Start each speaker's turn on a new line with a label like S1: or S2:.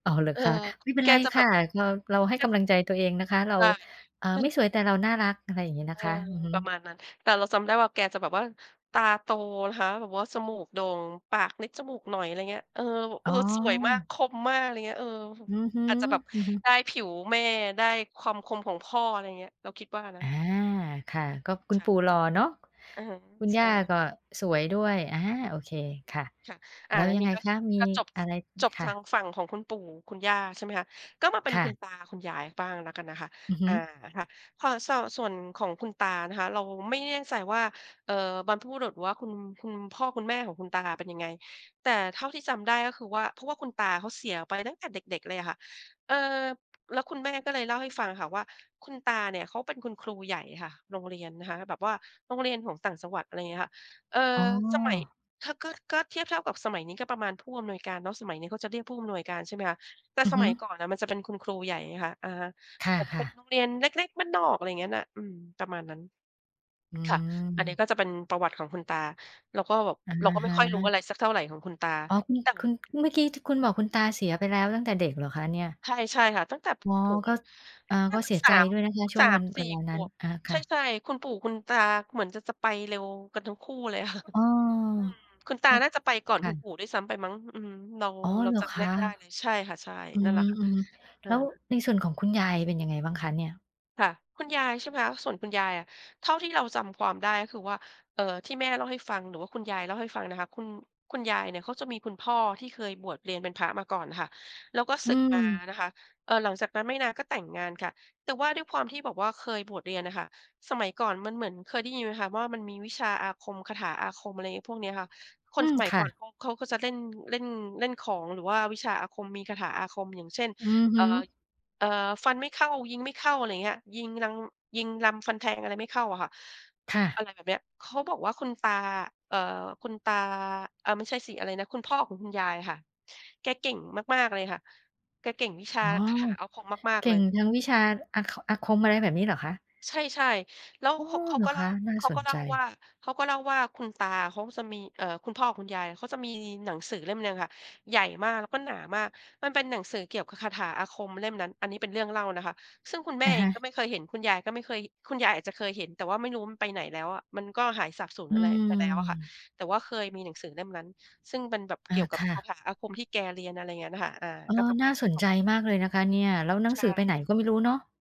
S1: อ๋อ เหรอ
S2: เออ
S1: คะ ไม่เป็
S2: แ
S1: น
S2: ก
S1: ไร
S2: จะ
S1: ค
S2: แบ
S1: ่ะ
S2: บ
S1: เรา เราให้
S2: แก
S1: ก
S2: จ
S1: ำ
S2: ะ
S1: ลังใจตัวเองนะคะ เรา
S2: ใช่
S1: อ่า
S2: ใช่
S1: ไม่สวยแต่เราน่ารัก อะไรอย่างนี้น
S2: เ
S1: ะ
S2: ออ
S1: คะ อือฮ
S2: ปร
S1: ึ
S2: ะมาณนั้น แต่เราจำได้ว่าแกจะแบบว่า ตาโตนะคะ แบบว่าจมูกโด่ง ปากนิดจมูกหน่อย อะไรอย่างเงี้ย เออ ว เ
S1: อ
S2: อ
S1: ๋
S2: อ
S1: อ
S2: สวยมาก คมมาก อะไรอย่างเงี้ย เออ
S1: อือฮึ
S2: อาจจะแบบ
S1: ๆ
S2: ได้ผิวแม่ ได้ความคมของพ่อ อะไรอย่างเงี้ย เราคิดว่านะ
S1: อา
S2: อือ
S1: ค่ะ ก็คุ
S2: ค
S1: ณ
S2: ่
S1: ป
S2: ะ
S1: ู่หล่อเนาะ
S2: อือฮึ
S1: คุณ
S2: ใช
S1: ย่
S2: ่
S1: าก็สวยด้วย อา โอเค
S2: อ อื
S1: ค
S2: อ
S1: ่ะ
S2: ค่ะ อา
S1: แล้ว
S2: แล้ว
S1: ยั
S2: ท
S1: ง
S2: ี
S1: ไง
S2: ก็
S1: คะ? มี
S2: ก็จบ
S1: อะ
S2: ส
S1: ไร
S2: จบ
S1: ค
S2: ท
S1: ่
S2: า
S1: ะ
S2: งฝั่งของคุณปู่คุณย่า ใช่ไหมคะ ก็มาเป็น
S1: ค่
S2: คุ
S1: ะ
S2: ณตาคุณยายบ้างแล้วกันนะคะ
S1: อือฮ
S2: อ
S1: ึ
S2: า ค่ะ พอ ซอ ส่วนของคุณตานะคะ เราไม่แน่ใจว่า เอ่อ บรรพบุรุษ หรือว่าคุณ คุณพ่อคุณแม่ของคุณตาเป็นยังไง แต่เท่าที่จำได้ก็คือว่า เพราะว่าคุณตาเขาเสียไปตั้งแต่เด็ก ๆ เลยอะค่ะ เอ่อ แล้วคุณแม่ก็เลยเล่าให้ฟังค่ะว่าคุณตาเนี่ยเขาเป็นคุณครูใหญ่ งี้ค่ะ โรงเรียนนะคะ แบบว่าโรงเรียนของต่างจังหวัด อะไรอย่างเงี้ยค่ะ เอ่อ
S1: อ๋
S2: สมัย
S1: อ
S2: ถ้า ก็ ก็เทียบเท่ากับสมัยนี้ก็ประมาณผู้อำนวยการเนาะ สมัยนี้เขาจะเรียกผู้อำนวยการใช่ไหมคะ แต่
S1: อื
S2: ส
S1: อฮ
S2: ม
S1: ึ
S2: ัยก่อนอะมันจะเป็นคุณครูใหญ่ไงคะ อะฮะ
S1: ค
S2: แต่เป็
S1: ่ะ
S2: น
S1: ๆ
S2: โรงเรียนเล็ก ๆ บ้านนอก อะไรอย่างนั้นอะ อืม ประมาณนั้น
S1: อื
S2: ค่ะ อันนี้ก
S1: ม
S2: ็จะเป็นประวัติของคุณตา เราก็แบบ
S1: อะ
S2: เราก็ไม
S1: ฮ
S2: ่ค่อยรู้อะไร
S1: ะ
S2: สักเท่าไรของคุณตา
S1: อ๋อ คุณ
S2: แต่
S1: คุณเพิ่ง เมื่อกี้ที่คุณบอกคุณตาเสียไปแล้วตั้งแต่เด็กเหรอคะเนี่ย?
S2: ใช่ ใช่ค่ะ ตั้งแต่ปร
S1: อ๋
S2: ะ
S1: อ
S2: ถม
S1: ก็ อา
S2: น่
S1: ก
S2: า
S1: ็
S2: จ
S1: เ
S2: ะ
S1: สีย
S2: ส
S1: ใจ
S2: าม
S1: ด้วยนะคะ ช่
S2: ส
S1: ว
S2: า
S1: งว
S2: ม
S1: ัน
S2: ส
S1: เ
S2: ี
S1: ว
S2: ่
S1: ลา
S2: ข
S1: นั้น
S2: วบ
S1: อา ค
S2: ใช
S1: ่ะ
S2: ่ ๆ คุณปู่ คุณตาเหมือนจะ จะไปเร็วกันทั้งคู่เลยค่ะ
S1: อ๋อ
S2: อืม คุณตา
S1: ว
S2: น่าจะไปก่อน
S1: ค่
S2: คุณป
S1: ะ
S2: ู่ด้วยซ้ำไปมั้ง อืม เรา
S1: อ๋อ
S2: เรา
S1: เหร
S2: จ
S1: อ
S2: ำไม
S1: ค
S2: ่ได้
S1: ะ
S2: ไม่ได้เลย ใช่ค่ะ ใช่
S1: อื
S2: นั่นแหละค่ะ
S1: ม
S2: เอ
S1: ๆ แ
S2: อ
S1: ล้วในส่วนของคุณยายเป็นยังไงบ้างคะเนี่ย?
S2: ค่ะ คุณยายใช่ไหมคะ ส่วนคุณยายอะ เท่าที่เราจำความได้ ก็คือว่า เอ่อ ที่แม่เล่าให้ฟัง หรือว่าคุณยายเล่าให้ฟังนะคะ คุณ คุณยายเนี่ยเขาจะมีคุณพ่อที่เคยบวชเรียนเป็นพระมาก่อนค่ะ แล้วก็
S1: อ
S2: ส
S1: ื
S2: ึกมา
S1: ม
S2: นะคะ เออ หลังจากนั้นไม่นานก็แต่งงานค่ะ แต่ว่าด้วยความที่แบบว่าเคยบวชเรียนอะค่ะ สมัยก่อนมันเหมือน เคยได้ยินไหมคะว่ามันมีวิชาอาคม คาถาอาคม อะไรงี้พวกนี้ค่ะ ค
S1: อื
S2: นส
S1: ม
S2: มัย
S1: ค่
S2: ก่อน
S1: ะ
S2: เขา เขาก็จะเล่น เล่น เล่นของ หรือว่าวิชาอาคม มีคาถาอาคม อย่างเช่น
S1: อือฮ
S2: เอ่
S1: ึ
S2: อ เอ่อ ฟันไม่เข้า ยิงไม่เข้า อะไรอย่างเงี้ย ยิงลัง ยิงลำฟันแทงอะไรไม่เข้าอะค่ะ
S1: ค่
S2: อ
S1: ะ
S2: ะไรแบบนี้ เขาบอกว่าคุณตา เอ่อ คุณตา เออ ไม่ใช่สิอะไรนะ คุณพ่อของคุณยายอะค่ะ แกเก่งมาก ๆ เลยค่ะ แกเก่งวิชา
S1: อ๋อ
S2: คาถาอาคมมาก
S1: เก
S2: ๆ เ
S1: ่
S2: ล
S1: ง
S2: ย
S1: ทางวิชา อา ค อาคม อะไรแบบนี้เหรอคะ?
S2: ใช่ ๆ แล้ว
S1: โอ้
S2: เขา เขา
S1: เหร
S2: ก
S1: อ
S2: ็
S1: ค
S2: เล่า
S1: ะ? น่า
S2: เขา
S1: ส
S2: ก็
S1: น
S2: เล
S1: ใ
S2: ่าว่
S1: จ
S2: า เขาก็เล่าว่าคุณตาเขาจะมี เอ่อ คุณพ่อของคุณยายเขาจะมีหนังสือเล่มหนึ่งอะค่ะ ใหญ่มากแล้วก็หนามาก มันเป็นหนังสือเกี่ยวกับคาถาอาคมเล่มนั้น อันนี้เป็นเรื่องเล่านะคะ ซึ่งคุณแม
S1: อ
S2: ่
S1: ะ
S2: เ
S1: ฮ
S2: อง
S1: ะ
S2: ก็ไม่เคยเห็น คุณยายก็ไม่เคย คุณยายอาจจะเคยเห็น แต่ว่าไม่รู้มันไปไหนแล้วอะ มันก็หายสาบสูญ
S1: อื
S2: อะไรไปแล้วอะค่ะ
S1: ม
S2: แต่ว่าเคยมีหนังสือเล่มนั้น ซึ่งมันแบบ
S1: อ
S2: เก
S1: า
S2: ี่ยวกั
S1: ค
S2: บ
S1: ่
S2: คา
S1: ะ
S2: ถาอาคมที่แกเรียน อะไรอย่างเงี้ยค่ะ อา
S1: เออ
S2: ก็ประ
S1: น
S2: ม
S1: ่
S2: า
S1: า
S2: ณนี
S1: ส
S2: ้
S1: น
S2: ขอ
S1: ใ
S2: ง
S1: จมากเลยนะคะเนี่ย แล้วหนั
S2: ใช
S1: งสือไป
S2: ่
S1: ไหนก็ไม่รู้เนาะ?